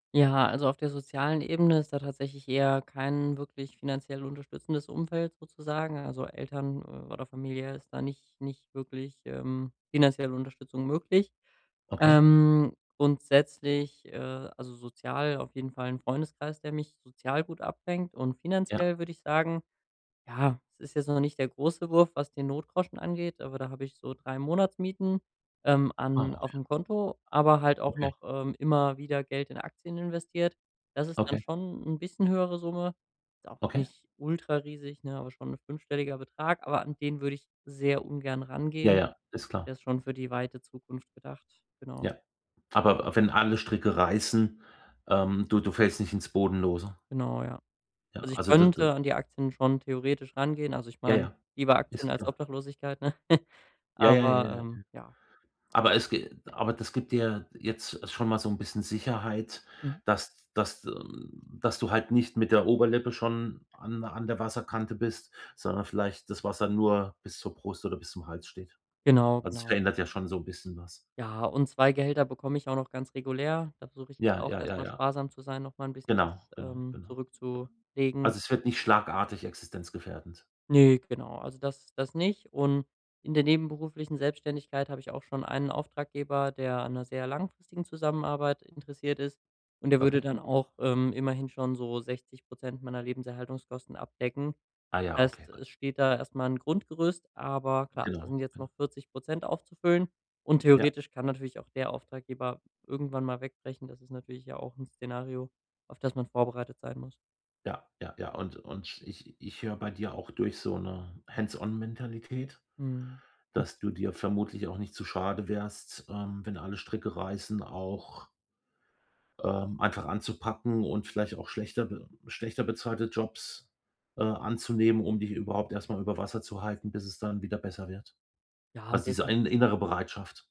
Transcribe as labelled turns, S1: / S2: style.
S1: Ja, also auf der sozialen Ebene ist da tatsächlich eher kein wirklich finanziell unterstützendes Umfeld sozusagen. Also, Eltern oder Familie ist da nicht nicht wirklich, ähm, finanzielle Unterstützung möglich.
S2: Okay.
S1: Ähm, grundsätzlich, äh, also sozial auf jeden Fall 'n Freundeskreis, der mich sozial gut abfängt. Und
S2: Ja.
S1: finanziell würde ich sagen, ja, es ist jetzt noch nicht der große Wurf, was den Notgroschen angeht, aber da habe ich so 3 Monatsmieten, ähm,
S2: Ah,
S1: an
S2: okay.
S1: auf'm Konto, aber halt auch
S2: Okay.
S1: noch, ähm, immer wieder Geld in Aktien investiert. Das ist dann
S2: Okay.
S1: schon 'n bisschen höhere Summe, ist auch
S2: Okay.
S1: nicht ultrariesig, ne, aber schon 'n fünfstelliger Betrag, aber an den würde ich sehr ungern
S2: Ja,
S1: rangehen.
S2: ja, ist klar.
S1: Der ist schon für die weite Zukunft gedacht, genau.
S2: Ja, aber wenn alle Stricke reißen, ähm, du du fällst nicht ins Bodenlose.
S1: Genau, ja.
S2: Ja,
S1: Also ich
S2: also d d
S1: könnte an die Aktien schon theoretisch rangehen. Also ich
S2: Ja,
S1: meine,
S2: ja,
S1: lieber
S2: ist
S1: Aktien als
S2: klar.
S1: Obdachlosigkeit,
S2: Ja, ja, ja,
S1: aber
S2: ja, ja.
S1: ähm, ja.
S2: Aber es ge aber das gibt dir jetzt schon mal so 'n bisschen Sicherheit,
S1: Mhm.
S2: dass dass dass du halt nicht mit der Oberlippe schon an an der Wasserkante bist, sondern vielleicht das Wasser nur bis zur Brust oder bis zum Hals steht.
S1: Genau,
S2: Also, es
S1: genau.
S2: verändert ja schon so 'n bisschen was.
S1: Ja, und 2 Gehälter bekomme ich auch noch ganz regulär, da versuche ich jetzt
S2: Ja,
S1: auch
S2: ja,
S1: erst
S2: ja,
S1: einmal
S2: ja.
S1: sparsam zu sein, nochmal 'n bisschen
S2: Genau,
S1: das,
S2: genau,
S1: ähm,
S2: genau. Ja.
S1: zurückzulegen.
S2: Also, es wird nicht schlagartig existenzgefährdend.
S1: Ne, genau, also das das nicht. Und in der nebenberuflichen Selbstständigkeit habe ich auch schon einen Auftraggeber, der an 'ner sehr langfristigen Zusammenarbeit interessiert ist, und der würde
S2: Okay.
S1: dann auch, ähm, immerhin schon so 60 % meiner Lebenserhaltungskosten abdecken.
S2: Ah ja, okay,
S1: Heißt,
S2: gut.
S1: es steht da erst mal 'n Grundgerüst, aber klar, da
S2: Genau,
S1: sind jetzt
S2: genau.
S1: noch 40 % aufzufüllen, und
S2: Ja.
S1: theoretisch kann natürlich auch der Auftraggeber irgendwann mal wegbrechen. Das ist natürlich ja auch 'n Szenario, auf das man vorbereitet sein muss.
S2: Ja, ja, ja. Und und ich ich höre bei dir auch durch so 'ne Hands-on-Mentalität,
S1: Mhm. Hm.
S2: dass du dir vermutlich auch nicht zu schade wärst, ähm, wenn alle Stricke reißen, auch ähm, einfach anzupacken und vielleicht auch schlechter be schlechter bezahlte Jobs, äh, anzunehmen, um dich überhaupt erst mal über Wasser zu halten, bis es dann wieder besser wird.
S1: Ja,
S2: Also, diese in
S1: definitiv.
S2: innere Bereitschaft.